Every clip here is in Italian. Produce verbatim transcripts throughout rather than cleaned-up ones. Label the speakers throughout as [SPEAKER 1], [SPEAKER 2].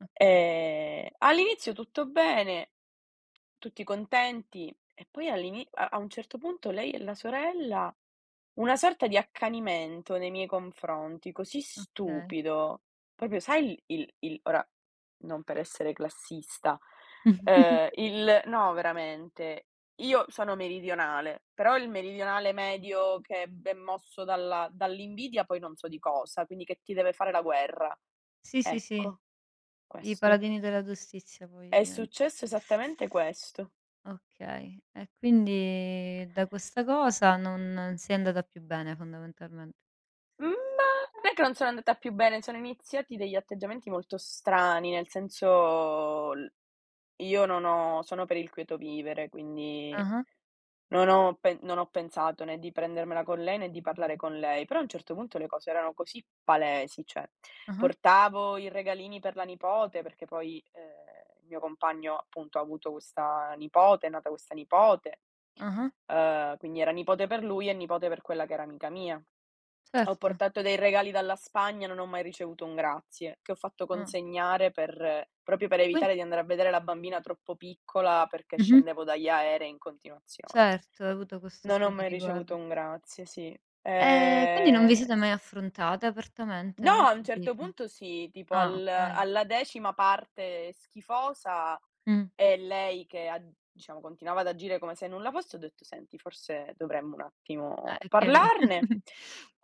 [SPEAKER 1] Okay.
[SPEAKER 2] Ehm, all'inizio tutto bene, tutti contenti e poi all'ini a a un certo punto lei e la sorella, una sorta di accanimento nei miei confronti così
[SPEAKER 1] Okay.
[SPEAKER 2] stupido. propio sai l il il ora, non per essere classista, uhm, il no, veramente, io sono meridionale, però il meridionale medio che è be è mosso dalla dall'invidia, poi non so di cosa, quindi che ti deve fare la guerra.
[SPEAKER 1] Sì, sì, sì.
[SPEAKER 2] Ecco.
[SPEAKER 1] I
[SPEAKER 2] Questo.
[SPEAKER 1] paladini della giustizia poi
[SPEAKER 2] È
[SPEAKER 1] divent
[SPEAKER 2] successo esattamente questo.
[SPEAKER 1] Okay e quindi da questa cosa non sei andata più bene, fondamentalmen
[SPEAKER 2] Mhmm, ma perchè non sono andata più bene, ceh erano iniziati degli atteggiamenti molto strani, nel senso, l io non ho sono per il quieto vivere quindi,
[SPEAKER 1] Ah-ah.
[SPEAKER 2] non ho pen non ho pensato né di prendermela con lei, né di parlare con lei, però a un certo punto, le cose erano così palesi, ceh:
[SPEAKER 1] Ah-ah.
[SPEAKER 2] portavo i regalini per la nipote, perché poi, uhm, mio compagno appunto ha avuto questa nipote, è nata questa nipote,
[SPEAKER 1] Ah-ah.
[SPEAKER 2] uhm, quindi era nipote per lui e nipote per quella che era amica mia. Ho
[SPEAKER 1] Certo.
[SPEAKER 2] portato dei regali dalla Spagna e non ho mai ricevuto un grazie, che ho fatto
[SPEAKER 1] Ah.
[SPEAKER 2] consegnare per propio per
[SPEAKER 1] Quin
[SPEAKER 2] evitare di andare a vedere la bambina troppo piccola, perché
[SPEAKER 1] Mh-mh.
[SPEAKER 2] scendevo dagli aerei in continuazione.
[SPEAKER 1] Certo, hai avuto questo
[SPEAKER 2] Non ho
[SPEAKER 1] occhio di
[SPEAKER 2] mai
[SPEAKER 1] riguardo.
[SPEAKER 2] ricevuto un grazie, sì.
[SPEAKER 1] Ehm, quindi non vi
[SPEAKER 2] Ehm,
[SPEAKER 1] siete
[SPEAKER 2] s
[SPEAKER 1] mai affrontate, apertamente?
[SPEAKER 2] No,
[SPEAKER 1] Non ho
[SPEAKER 2] a un certo
[SPEAKER 1] capito.
[SPEAKER 2] punto sì, tipo
[SPEAKER 1] Ah,
[SPEAKER 2] al
[SPEAKER 1] okay.
[SPEAKER 2] alla decima parte schifosa
[SPEAKER 1] Mh.
[SPEAKER 2] e lei che ha diciamo, continuava ad agire come se nulla fosse, ho detto: "Senti, forse dovremmo un attimo
[SPEAKER 1] Ah, è chiari
[SPEAKER 2] parlarne."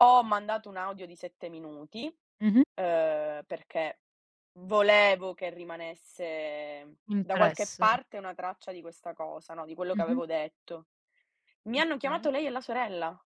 [SPEAKER 2] Ho mandato un audio di sette minuti,
[SPEAKER 1] Mh-mh.
[SPEAKER 2] uhm, perché volevo che rimanesse da qualche
[SPEAKER 1] Impresso.
[SPEAKER 2] parte una traccia di questa cosa, no, di quello che
[SPEAKER 1] Mh-mh.
[SPEAKER 2] avevo detto. Mi hanno
[SPEAKER 1] Okay.
[SPEAKER 2] chiamato lei e la sorella.